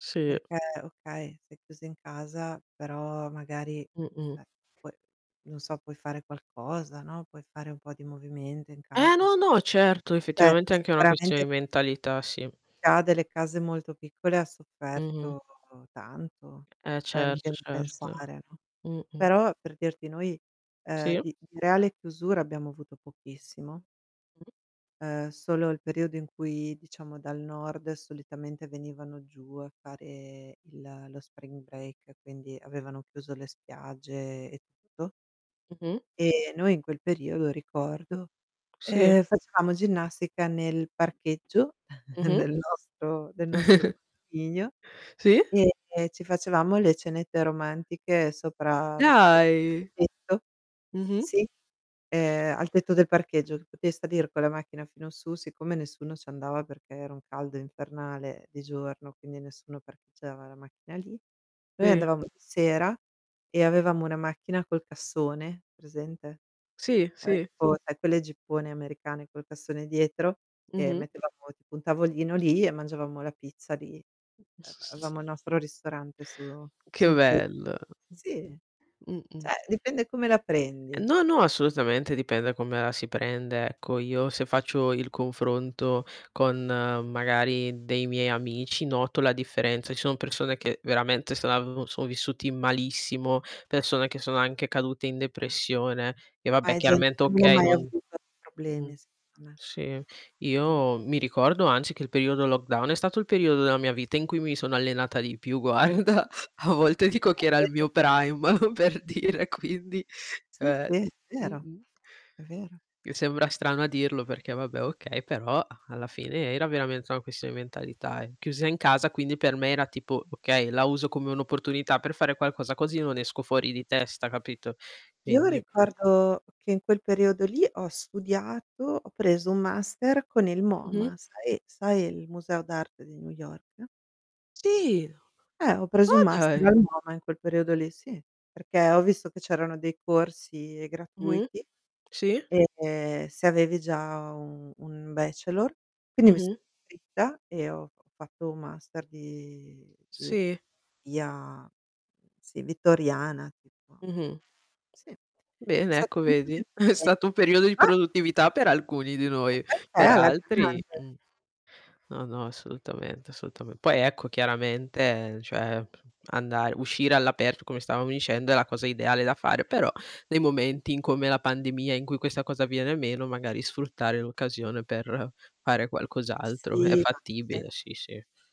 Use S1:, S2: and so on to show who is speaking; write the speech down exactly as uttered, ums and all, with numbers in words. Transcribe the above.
S1: Sì.
S2: Perché, okay, sei chiusa in casa, però magari,
S1: Mh-mh.
S2: cioè puoi non so puoi fare qualcosa, no, puoi fare un po' di movimento in casa,
S1: Ah no,
S2: s
S1: no, certo
S2: Eh,
S1: effettivamente è anche una questione
S2: sicuramente
S1: di mentalità, sì.
S2: Chi ha delle case molto piccole ha
S1: Mh-mh.
S2: sofferto tanto,
S1: Eh
S2: cioè mi
S1: certo,
S2: vien di
S1: certo.
S2: pensare, no.
S1: Mh-mh.
S2: Però per dirti noi, ehm,
S1: Sì.
S2: di di reale chiusura abbiamo avuto pochissimo
S1: Mh.
S2: ehm, solo il periodo in cui, diciamo dal nord solitamente venivano giù a fare il lo spring break, quindi avevano chiuso le spiagge e tutto.
S1: Mh-mh.
S2: E noi in quel periodo, ricordo,
S1: Sì.
S2: ehm, facevamo ginnastica nel parcheggio
S1: Mh-mh.
S2: del nostro del nostro
S1: Sì
S2: [unintelligible] e ci facevamo le cenette romantiche sopra
S1: Dai!
S2: [unintelligible]
S1: Mh-mh.
S2: sì, ehm, al tetto del parcheggio, che potevi salir con la macchina fino su, siccome nessuno ci andava perché era un caldo infernale di giorno, quindi nessuno parcheggiava la macchina lì, noi
S1: Sì.
S2: andavamo di sera e avevamo una macchina col cassone, presente?
S1: Sì,
S2: Cioè
S1: sì.
S2: tipo sai quelle jeeppone americane col cassone dietro e
S1: Mh-mh.
S2: mettevamo tipo un tavolino lì e mangiavamo la pizza lì. Ehm, avevamo il nostro ristorante su
S1: Che
S2: sul tetto.
S1: bello.
S2: Sì,
S1: Mh-mh.
S2: ceh dipende come la prendi.
S1: No, no, assolutamente dipende da come la si prende, ecco. Io se faccio il confronto con magari dei miei amici, noto la differenza. Ci son persone che veramente [unintelligible] sono vissuti malissimo, persone che sono anche cadute in depressione e
S2: Ma
S1: vabbè
S2: è gente
S1: chiaramente,
S2: che non hai
S1: okay,
S2: mai
S1: non
S2: avuto
S1: mh.
S2: problemi, secondo me.
S1: Sì,
S2: Mh.
S1: io mi ricordo anzi che il periodo lockdown è stato il periodo della mia vita in cui mi sono allenata di più guarda, a volte dico che era il
S2: Eh, vedi?
S1: mio prime per dire quindi,
S2: Sì,
S1: ceh
S2: sì. Vero,
S1: mh-mh.
S2: è vero.
S1: Mi sembra strano a dirlo perché vabbè, okay, però alla fine era veramente una questione di mentalità eh, chiusa in casa quindi per me era tipo okay, la uso come un'opportunità per fare qualcosa così non esco fuori di testa, capito?
S2: Io lo
S1: Quindi
S2: ricordo, che in quel periodo lì ho studiato, ho preso un master con il
S1: Mh-mh.
S2: MOMA, sai sai il museo d'arte di New York?
S1: Sì!
S2: Eh, ho preso un
S1: Oh
S2: master al
S1: dai.
S2: MOMA in quel periodo lì, sì, perché ho visto che c'erano dei corsi
S1: Mh-mh.
S2: gratuiti
S1: Sì.
S2: e se avevi già u un bachelor, quindi mi sono
S1: Mh-mh.
S2: iscritta e ho ho fatto un master di di
S1: Sì.
S2: via mhmm, sì, vittoriana tipo.
S1: Mh-mh.
S2: Sì. È
S1: Bene
S2: stato
S1: ecco
S2: molto
S1: vedi? È stato un periodo di
S2: [unintelligible]
S1: produttività per alcuni di noi, per altri mh.
S2: [unintelligible]
S1: No, no assolutamente assolutame poi ecco chiaramente cioè, andar uscire all'aperto come stavamo dicendo è la cosa ideale da fare, però, nei momenti in come la pandemia in cui questa cosa avviene meno, magari sfruttare l'occasione per fare qualcos'altro. È
S2: Sì, ma
S1: fattibile
S2: [unintelligible]
S1: sì, sì.